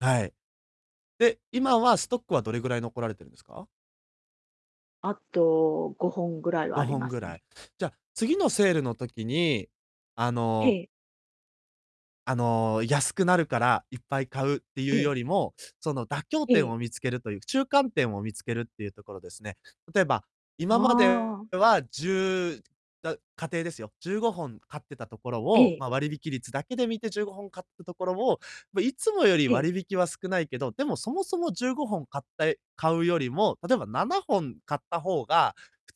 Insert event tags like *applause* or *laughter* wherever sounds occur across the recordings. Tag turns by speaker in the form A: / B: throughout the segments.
A: はい。で、今は、ストックはどれぐらい残られてるんですか？
B: あと5本ぐらいは
A: ご
B: あり
A: ほん
B: ま
A: ぐ
B: す
A: ら
B: ね。
A: い。じゃあ、次のセールの時に、あ
B: え
A: の
B: え。
A: あの、安くなるからいっぱい買うって
B: え
A: いう
B: え。
A: よりも、その、妥協
B: え
A: 点
B: え。
A: を見つけるという中間点を見つけるっていうところですね。例えば、今まで
B: ああ。
A: はじゅうだ、仮定ですよ、15本買ってたところ
B: え
A: を、
B: え。
A: ま、割引率だけで見て15本買ったところを、ま、いつもより
B: ええ。
A: 割引は少ないけど、でも、そもそも15本買ったい買うよりも、例えば7本買った方が、普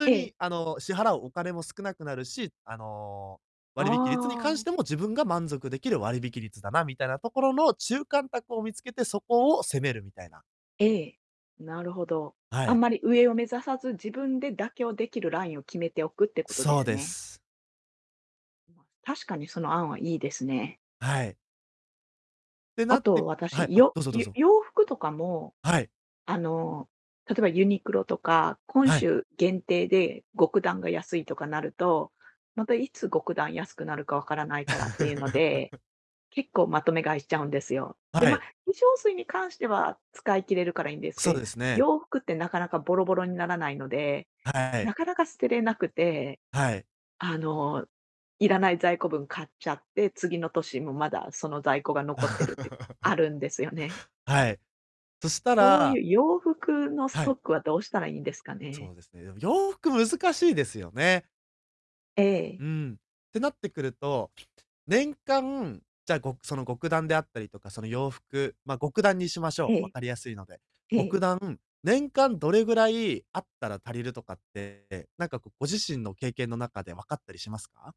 A: 通
B: ええ。
A: に、あの、支払うお金も少なくなるし、あの、
B: あ
A: 割引率に関し
B: あ。
A: ても自分が満足できる割引率だな、みたいなところの中間択を見つけてそこを攻める、みたいな。
B: ええ、なるほど。
A: は
B: あん
A: い。
B: まり上を目指さず、自分で妥協できるラインを決めておくってことで
A: そう
B: す
A: で
B: ね。
A: す。
B: んます、確かにその案は良いですね。
A: はい。て
B: あ
A: なっ
B: と、
A: てはい。
B: 私、
A: あ、
B: よ
A: どうぞどう
B: よ
A: ぞ。
B: 洋服とかも
A: はい。
B: あの、例えばユニクロとか、今
A: はい。
B: 週限定で極暖が安いとかなると、またいつ極暖安くなるか分からないからっていうので、
A: *laughs*
B: 結構まとめ買いしちゃうんですよ。で、
A: は
B: ま、
A: い。
B: 化粧水に関しては使い切れるから良いんです
A: そう
B: け
A: ですね。
B: 洋服ってなかなかボロボロにならないので、
A: はい。
B: なかなか捨てれなくて。
A: はい。
B: あの、いらない在庫分買っちゃって、次の年もまだその在庫が残ってるってあ
A: *laughs*
B: るんですよね。
A: はい。そした
B: こうい
A: ら
B: う、洋服のス
A: は
B: ト
A: い。
B: ックはどうしたらいいんですかね。
A: そうですね。でも、洋服難しいですよね。
B: ええ。
A: うん。ってなってくると、年間、じゃ、ごくその、極暖であったりとか、その、洋服、ま、極暖にしまし
B: え
A: ょう、分
B: え。
A: かりやすいので。
B: ええ。
A: 極暖、年間どれぐらい有ったら足りるとかって、なんか、こう、ご自身の経験の中で分かったりしますか？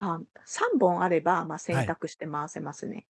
B: あん、3本あれば、ま、洗
A: はい。
B: 濯して回せますね。